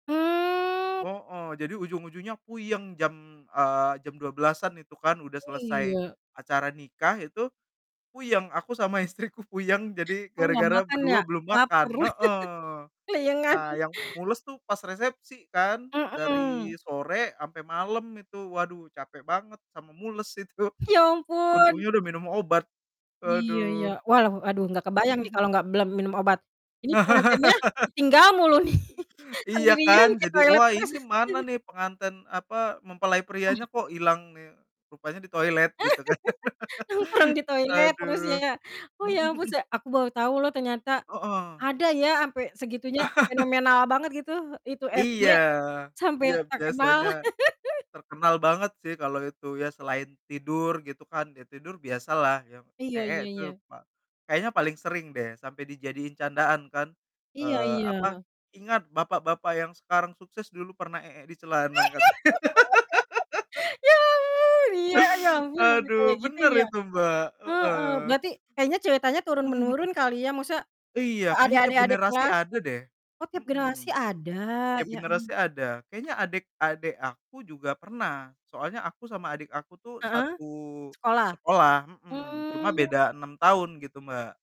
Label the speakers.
Speaker 1: Hmm.
Speaker 2: Heeh. Jadi ujung-ujungnya puyeng. Jam, eee, jam 12:00-an itu kan, udah selesai
Speaker 1: Iya.
Speaker 2: acara nikah itu, puyeng. Aku sama istriku puyeng, jadi
Speaker 1: Oh enggak
Speaker 2: gara-gara
Speaker 1: makan ya?
Speaker 2: berdua belum
Speaker 1: Laper.
Speaker 2: makan. Heeh.
Speaker 1: Kleyengan.
Speaker 2: Nah yang mules tuh pas resepsi kan,
Speaker 1: Mhm.
Speaker 2: dari sore sampai malam itu. Waduh, capek banget sama mules itu.
Speaker 1: Ya ampun.
Speaker 2: Untungnya udah minum obat.
Speaker 1: Iya iya.
Speaker 2: Aduh.
Speaker 1: Walah, aduh gak
Speaker 2: Mhm
Speaker 1: kebayang nih kalau
Speaker 2: mhm.
Speaker 1: enggak belum minum obat. "Ini pengantennya ditinggal mulu nih,
Speaker 2: Iya kan,
Speaker 1: sendirian ke
Speaker 2: jadi
Speaker 1: toilet
Speaker 2: "Wah,
Speaker 1: terus."
Speaker 2: ini mana nih pengantin," apa, "mempelai
Speaker 1: Oh,
Speaker 2: prianya
Speaker 1: heeh.
Speaker 2: kok hilang nih?" Rupanya di toilet gitu kan.
Speaker 1: Nongkrong di toilet terus
Speaker 2: Aduh.
Speaker 1: ya. Oh
Speaker 2: Mhm
Speaker 1: ya ampun,
Speaker 2: mhm.
Speaker 1: se aku baru tau loh ternyata
Speaker 2: Heeh.
Speaker 1: ada ya sampai segitunya, fenomenal banget gitu. Itu SJ,
Speaker 2: Iya
Speaker 1: sampai
Speaker 2: iya
Speaker 1: terkenal.
Speaker 2: biasanya terkenal banget sih kalau itu, ya selain tidur gitu kan, ya tidur biasa lah ya.
Speaker 1: Iya
Speaker 2: Eek
Speaker 1: iya
Speaker 2: tuh
Speaker 1: iya.
Speaker 2: pa kayaknya paling sering deh, sampai dijadiin candaan kan,
Speaker 1: Iya
Speaker 2: eee, apa
Speaker 1: iya.
Speaker 2: "Ingat bapak-bapak yang sekarang sukses, dulu pernah eek di celana," katanya.
Speaker 1: Ya ampun, iya, ya ampun, sampai
Speaker 2: Aduh,
Speaker 1: kayak gitu
Speaker 2: bener
Speaker 1: ya?
Speaker 2: itu Mbak,
Speaker 1: Heeh.
Speaker 2: heeh.
Speaker 1: Berarti, kayaknya ceritanya turun
Speaker 2: Mhm mhm.
Speaker 1: menurun kali ya, maksudnya ke
Speaker 2: Iya,
Speaker 1: adik
Speaker 2: kayaknya tiap
Speaker 1: adik adik
Speaker 2: generasi
Speaker 1: kelas.
Speaker 2: ada deh.
Speaker 1: Oh, tiap generasi
Speaker 2: Mhm,
Speaker 1: ada,
Speaker 2: tiap
Speaker 1: ya am
Speaker 2: generasi ada. Kayaknya adek adek aku juga pernah, soalnya aku sama adik aku tuh,
Speaker 1: Heeh?
Speaker 2: satu
Speaker 1: Sekolah?
Speaker 2: sekolah mhm, cuma
Speaker 1: Hmm.
Speaker 2: beda 6 tahun gitu, Mbak.